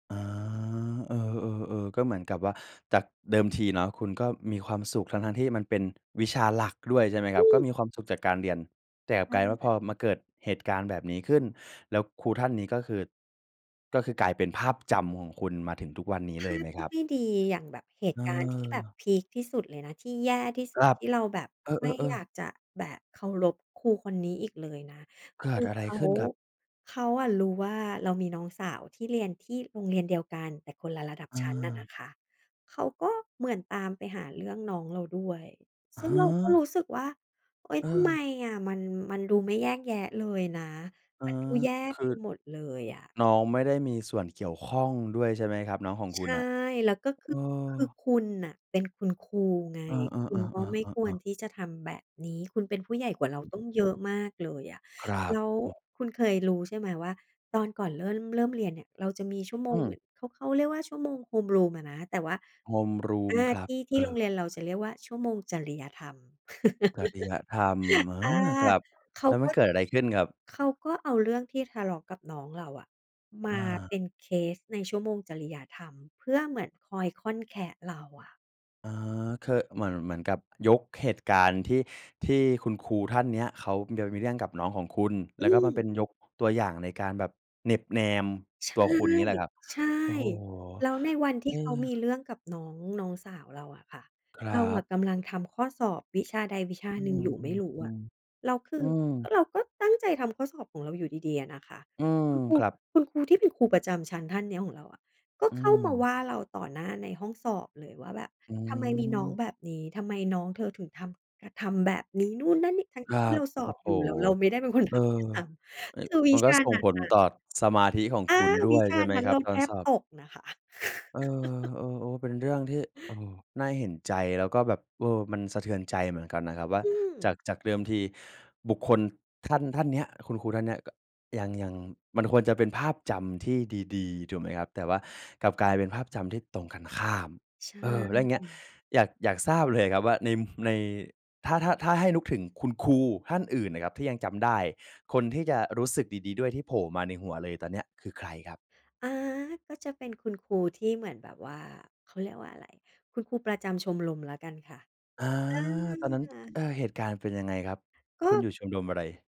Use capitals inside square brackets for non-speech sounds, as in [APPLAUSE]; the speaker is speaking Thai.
อ๋อ เออ ๆ ๆ ก็เหมือนกับว่า จากเดิมทีเนาะ คุณก็มีความสุขทั้ง ๆ ที่มันเป็นวิชาหลักด้วยใช่ไหมครอัืบ? ก็อ มีความสุขจากการเรียน แต่กลายเป็นว่า พ[UNINTELLIGIBLE] อมาเกิดเหตุการณ์แบบนี้ขึ้นแล้ว ครูท่านนี้ ก็คือ ก็คือกลายเป็นภาพจำของคุณมาถึงทุกวันนี้ภเลยาไหพมทคีร่ับ? ไม่ดี อย่างแบบเหตุการณ์ ที่แบบเออ พีกที่สุดเลยนะ ที่แย่ที่สคุรด ับ ที่เราแบบเอไม่ออ ยาๆ ๆ กจะแบบเคารพครูคนนี้อีกเลยนะ เกคิดือ อะไรเขา ขึ้นครับ? เขาอะรู้ว่า เรามีน้องสาวที่เรียนที่โรงเรียนเดียวกัน แต่คนละระดับอชั้นอะนา ะคะ เขาก็เหมือนตามไปหาเรื่องน้องเราด้วย ฮซึ่งเราก็ะ รู้สึกว่า เฮ้ย ทำไมเออ อะ มัน มันดูไม่แยกแยะเลยนะ อา มันดูแย่คไปือ หมดเลยอะ น้องไม่ได้มีส่วนเกี่ยวข้องด้วยใช่ไหมครับ? น้องของใคชุณ่ น่ะ แล้วก็คเอือ คืออ คุณน่ะเป็นคุณครูไง เออ คุณๆ ก็ไม่ๆ ควๆ ๆ รๆ ที่จะทำแบบนี้ คุณเป็นผู้ใหญ่กว่าเรา ต้องเยอะมากเลยอะ ครัแบ ล้วเออ คุณเคยรู้ใช่ไหม ว่าตอนก่อนเริ่น เริ่มเรียนเนี่ย เราจะมีชั่วโมอืงหม นึ่ง เขา เขาเรียกว่าชั่วโมง homeroom อะนะ แต่ว่า อHomeroom า ครัทบ ี่ ทีเ่อโรงอ เรียนเรา จะเรียกว่า ชั่วโมงจริยธรรม จริยธรรม [CHUCKLES] เออา อ ครับ เขาแล้วมกัน็ เกิดอะไรขึ้นครับ? เขาก็เอาเรื่องที่ทะเลาะกับน้องเราอะ มอาเา ป็นเคสในชั่วโมงจริยธรรม เพื่อเหมือนคอยค่อนแคะเราอะ อา คือเหมือน เหมือนกับยกเหตุการณ์ ที่ ที่คุณครูท่านเนี้ย เขาจะมีเรื่องกับน้องของคุณ แอล้วก็มันเปืม ็นยกตัวอย่าง ในการแบบเหน็บแนมใชตัว่ คุณ อย่างงี้ เหรอครับ? ใช่ โอ้โฮ! แล้วในวันทเีอ่เขามีอ เรื่องกับน้อง น้องสาวเราอะค่ะ ครเัราอบ ะกำลังทำข้อสอบวิชาใดวิชาอืหนึ่งม อยู่ไม่รๆ ู้อะ ๆ แล้วคือือม เราก็ตั้งใจทำข้อสอบของเราอยู่ดี ๆ อะนะคะ อืม อา เออ ครับ คุณครูที่เป็นครูประจำชั้นท่านเนี้ยของเราอะ ก็อืเข้ามาวม ่าเราต่อหน้าในห้องสอบเลยว่าแบบ อื"ทำไมมีน้องม แบบนี้ ทำไมน้องเธอถึง ทำ ทำแบบนี้นู่นนั่นนี่" ทั้งครัที่เรบ าสโออ้บโฮ! อยู่ แล้วเราไม่ได้เป็นคนเอทอ ำด้วยซ้อ ำ คือวมิันชก็าส่นงั้นผลอตะ ่อสมาธิของอคา ุณดว้วิย ชใชา่ไหมนั้นครเับ ราตแอทนสบอบ? ตกนะคะ เออ [CHUCKLES] เออ โอ้ เป็นเรื่องที่ เออ น่าเห็นใจ แล้วก็แบบ เออ มันสะเทือนใจเหมือนกันนะครับ ว่า อืจม าก จากเดิมทีบุคคลท่าน ท่านเนี้ย คุณครูท่านเนี้ย ก ยัง ยังมันควรจะเป็นภาพจำที่ดี ๆ ถูกไหมครับ แต่ว่ากลับกลายเป็นภาพจำ ที่ตรงกันข้าม ใชเออ แล้วอย่างเงี้ย ่ อยาก อยากทราบเลยครับ ว่า ใน ม ใน ถ้า ถ้า ถ้าให้นึกถึงคุณครูท่านอื่นน่ะครับ ที่ยังจำได้คนที่จะรู้สึกดี ๆ ด้วยที่โผล่มาในหัวเลยตอนเนี้ย คือใครครับ? อา ก็จะเป็นคุณครูที่เหมือนแบบว่า เขาเรียกว่าอะไร คุณครูประจำชมรมแล้วกันค่ะ อา อตอนนั้น เา ออ เหตุการณ์เป็นยังไงครับ คกุณอ็ ยู่ชมรมอะไร?